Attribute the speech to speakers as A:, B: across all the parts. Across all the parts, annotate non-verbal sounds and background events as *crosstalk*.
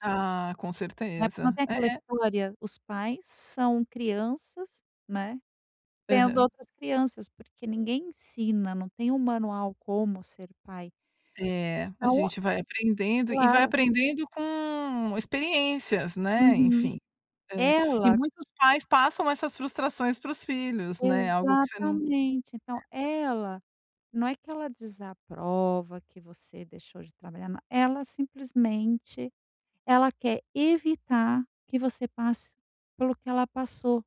A: Ah, com
B: É, porque não
A: certeza.
B: tem
A: É,
B: aquela
A: é.
B: história, os pais são crianças, né, tendo
A: Aham.
B: outras crianças porque ninguém ensina, não tem um manual como ser pai.
A: É, a
B: Então
A: gente vai aprendendo e vai
B: Claro.
A: aprendendo com experiências, né.
B: Uhum.
A: Enfim. Eh, e
B: Ela.
A: muitos pais passam essas frustrações para os filhos, né? Algo que você não É.
B: Exatamente, então ela, não é que ela desaprova que você deixou de trabalhar na ela simplesmente, ela quer evitar que você passe pelo que ela passou.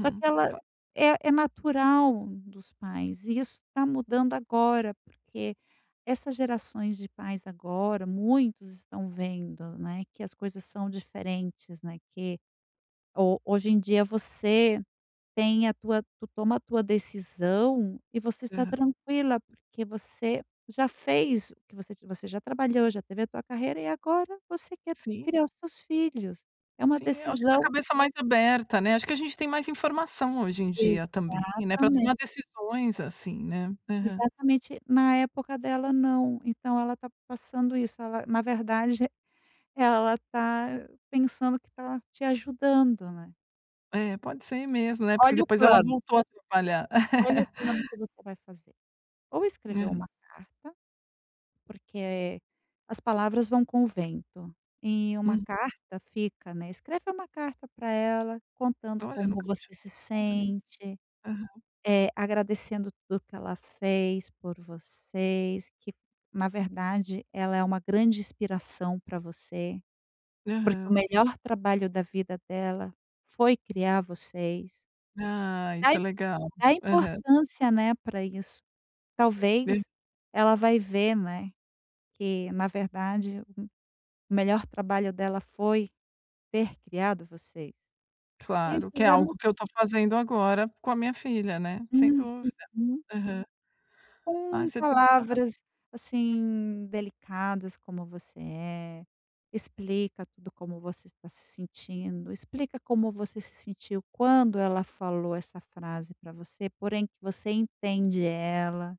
B: Só que ela
A: Pá.
B: é é natural dos pais e isso tá mudando agora, porque essas gerações de pais agora muitos estão vendo, né, que as coisas são diferentes, né, que ho hoje em dia você tem a tua tu toma a tua decisão e você está
A: Aham.
B: tranquila, porque você já fez o que você ti você já trabalhou, já teve a tua carreira e agora você quer
A: Sim.
B: criar os seus filhos. É uma
A: Sim, eu acho que com a
B: decisão.
A: cabeça mais aberta, né? Acho que a gente tem mais informação hoje em dia também, né, pra
B: Exatamente.
A: tomar decisões assim, né? Aham.
B: Exatamente. Na época dela não, então ela tá passando isso, ela na verdade ela tá pensando que tá te ajudando, né?
A: É, pode ser mesmo, né? Porque
B: Olha o
A: depois ela
B: plano.
A: voltou a trabalhar.
B: Olha o
A: *laughs*
B: plano que você vai fazer. Ou escrever
A: Hã.
B: uma carta, porque as palavras vão com o vento, e uma
A: Hum.
B: carta fica, né. Escreve uma carta pra ela, contando
A: Olha, eu
B: como
A: nunca
B: você
A: tinha.
B: se
A: *unintelligible*
B: sente,
A: Aham.
B: eh, agradecendo tudo que ela fez por vocês, que na verdade ela é uma grande inspiração pra você, porque o
A: Aham.
B: melhor trabalho da vida dela foi criar vocês.
A: Ah.
B: Da
A: Isso é
B: i
A: legal.
B: dá
A: Aham.
B: importância, né, pra isso.
A: Hã.
B: Talvez ela vai ver, né, que na verdade um o melhor trabalho dela foi ter criado você. Isso
A: Claro, que é
B: já
A: algo
B: mu
A: que eu estou fazendo agora com a minha filha, né? Sem
B: Hum,
A: dúvida.
B: uhum.
A: Aham. Ah,
B: Com
A: você tem toda razão.
B: palavras, assim, delicadas como você é, explica tudo como você tá se sentindo, explica como você se sentiu quando ela falou essa frase pra você, porém que você entende ela.